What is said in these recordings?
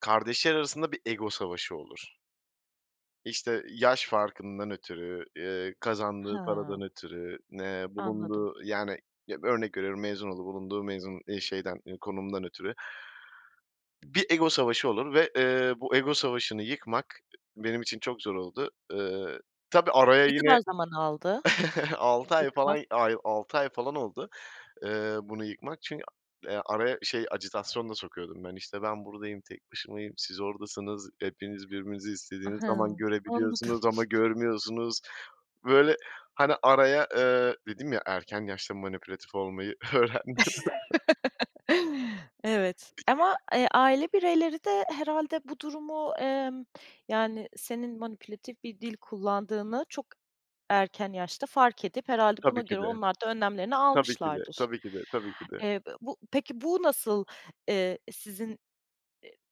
Kardeşler arasında bir ego savaşı olur. İşte, yaş farkından ötürü, eee, kazandığı paradan Hıı. ötürü, eee, Anladım. bulunduğu, yani, ya, örnek veriyorum, mezun olduğu, bulunduğu, mezun, ııı, şeyden, eee, konumdan ötürü. Bir ego savaşı olur ve, eee, bu ego savaşını yıkmak benim için çok zor oldu, ııı, tabii araya Ne kadar yine, zaman aldı 6 ay yıkmak? falan, ay, 6 ay falan oldu, eee, bunu yıkmak çün araya şey, ajitasyon da sokuyordum ben. İşte, ben buradayım, tek başımayım, siz oradasınız, hepiniz birbirinizi istediğiniz Hıı. zaman Anladım. görebiliyorsunuz ama görmüyorsunuz. Böyle, hani, araya, ııı, dedim ya erken yaşta manipülatif olmayı öğrendim. Evet ama, [unintelligible] eee, aile bireyleri de herhâlde bu durumu, emm, yani, senin manipülatif bir dil kullandığını çok erken yaşta fark edip herhâlde buna Tabii ki göre de. onlar da önlemlerini Tabii ki de, almışlardır. tabii ki de, tabii ki de. Eee, bu peki, bu nasıl, eee, sizin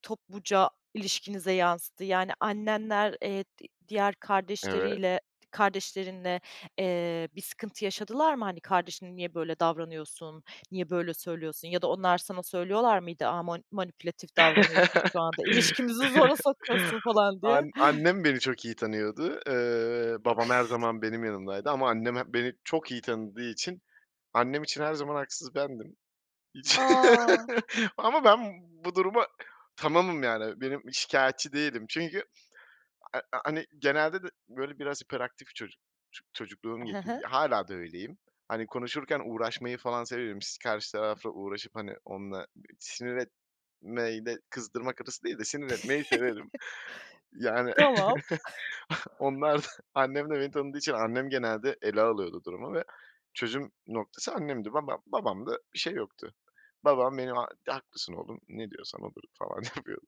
topluca ilişkinize yansıdı? Yani, annenler, eee, di diğer Evet. kardeşleriyle, kardeşlerinle, eee, bir sıkıntı yaşadılar mı? Hani, “Kardeşine niye böyle davranıyorsun, niye böyle söylüyorsun?” ya da onlar sana söylüyorlar mıydı, “A, mani manipülatif davranıyorsun, şu anda ilişkimizi zora sokuyorsun, falan” diye. An annem beni çok iyi tanıyordu, eee, babam her zaman benim yanımdaydı ama annem hep beni çok iyi tanıdığı için, annem için her zaman haksız bendim. Hiç A! ama ben bu duruma tamamım. Yani, benim, şikâyetçi değilim çünkü ha hani, genelde de, böyle, biraz hiperaktif çocuk, ço çocukluğum Hı geçti, hı. hâlâ da öyleyim. Hani, konuşurken uğraşmayı falan severim. Si karşı tarafla uğraşıp, hani, onunla sinir etmeyi de kızdırmak hırsı değil de sinir etmeyi severim. Yani, Tamam. onlar da, annem de beni tanıdığı için annem genelde ele alıyordu durumu ve çözüm noktası annemdi. Babam, babamda bir şey yoktu. Babam benim, “haklısın oğlum, ne diyorsan odur,” falan yapıyordu.